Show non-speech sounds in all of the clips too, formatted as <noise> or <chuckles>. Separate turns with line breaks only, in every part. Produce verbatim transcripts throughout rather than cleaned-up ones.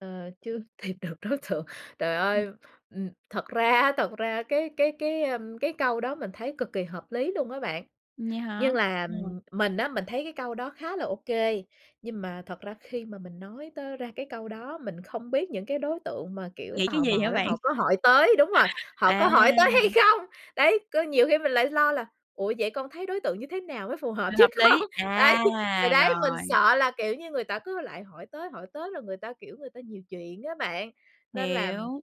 Ờ, chưa tìm được đối tượng. Trời
Ờ.
ơi, ừm, thật ra á, thật ra cái cái cái, a, cái câu đó mình thấy cực kỳ hợp lý luôn á bạn.
Vậy
Nhưng
hả?
là
Ờ.
mình á, mình thấy cái câu đó khá là ô kê, nhưng mà thật ra khi mà mình nói tới ra cái câu đó, mình không biết những cái đối tượng mà, kiểu,
Nghĩ cái
tò
gì
mò
hả
đó
bạn?
họ có hỏi tới đúng rồi, họ có hỏi tới hay
À!
không. Đấy, có nhiều khi mình lại lo là "Ủa, vậy con thấy đối tượng như thế nào mới phù hợp
Này
với
hợp
con?"
lý.
Đấy,
À,
thì đấy, mình
rồi.
sợ là, kiểu như, người ta cứ lại hỏi tới hỏi tới là người ta, kiểu, người ta nhiều chuyện á bạn. Nên là
Hiểu.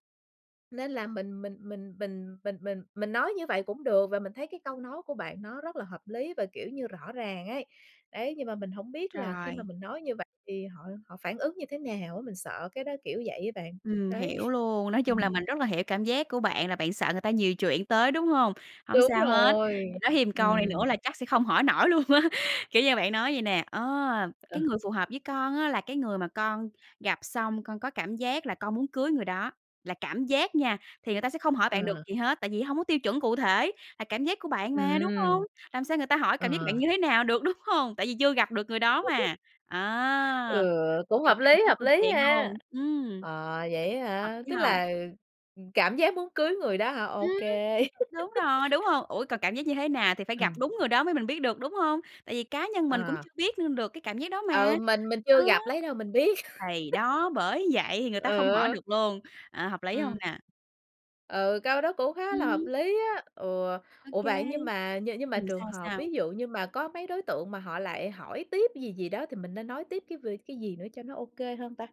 nên là mình mình mình mình mình mình mình nói như vậy cũng được và mình thấy cái câu nói của bạn nó rất là hợp lý và, kiểu như, rõ ràng ấy. Đấy, nhưng mà mình hổng biết là khi mà
Rồi.
mình nói như vậy thì họ họ phản ứng như thế nào á. Mình sợ cái đó kiểu vậy á bạn,
Ừm,
đấy.
hiểu luôn, nói
<chuckles>
chung là
Ừm.
mình rất là hiểu cảm giác của bạn là bạn sợ người ta nhiều chuyện tới, đúng hông? Hổng
Đúng
sao hết, bạn
rồi,
nói thêm ừn câu này
ừm.
nữa là chắc sẽ không hỏi nổi luôn á. Kiểu như, bạn nói vậy nè: "Ờ,
Ờ.
cái người phù hợp với con á là cái người mà con gặp xong con có cảm giác là con muốn cưới người đó." Là cảm giác nha, thì người ta sẽ không hỏi bạn được
Ờ.
gì hết, tại vì hông có tiêu chuẩn cụ thể, là cảm giác của bạn mà, đúng hông?
Ừm.
Làm sao người ta hỏi cảm giác bạn
Ờ.
như thế nào được, đúng hông? Tại vì chưa gặp được người đó
<laughs>
mà.
Ừ,
Á,
cũng
mình
hợp
chặn
lý,
đứng
hợp
câu
lý
chuyện
ha!
luôn. Ừm.
À, vậy á
Hợp
hả?
lý
Tức
hông?
là, ừm, cảm giác muốn cưới người đó hả?
Ừm.
Ô kê.
Đúng rồi, đúng hông? Ủa, còn cảm giác như thế nào
<laughs>
thì phải gặp
Ừm.
đúng người đó mới mình biết được, đúng hông? Tại vì cá nhân mình cũng
À.
chưa biết nữa được cái cảm giác đó mà,
Ờ, mình mình
đó.
chưa gặp, lấy đâu mình biết?
Thì
<laughs>
đó, bởi vậy thì người ta không hỏi
Ừ.
được luôn. Ờ, hợp lý hông
Ừm.
nè?
Ừ, câu đó cũng khá là hợp
Ừm.
lý á. Ừ,
Ô
ủa,
kê.
vậy nhưng mà nh nhưng mà
Ừm,
trường
sao?
hợp
Sao?
ví dụ như mà có mấy đối tượng mà họ lại hỏi tiếp gì gì đó thì mình nên nói tiếp cái về cái gì nữa cho nó ô kê hơn ta?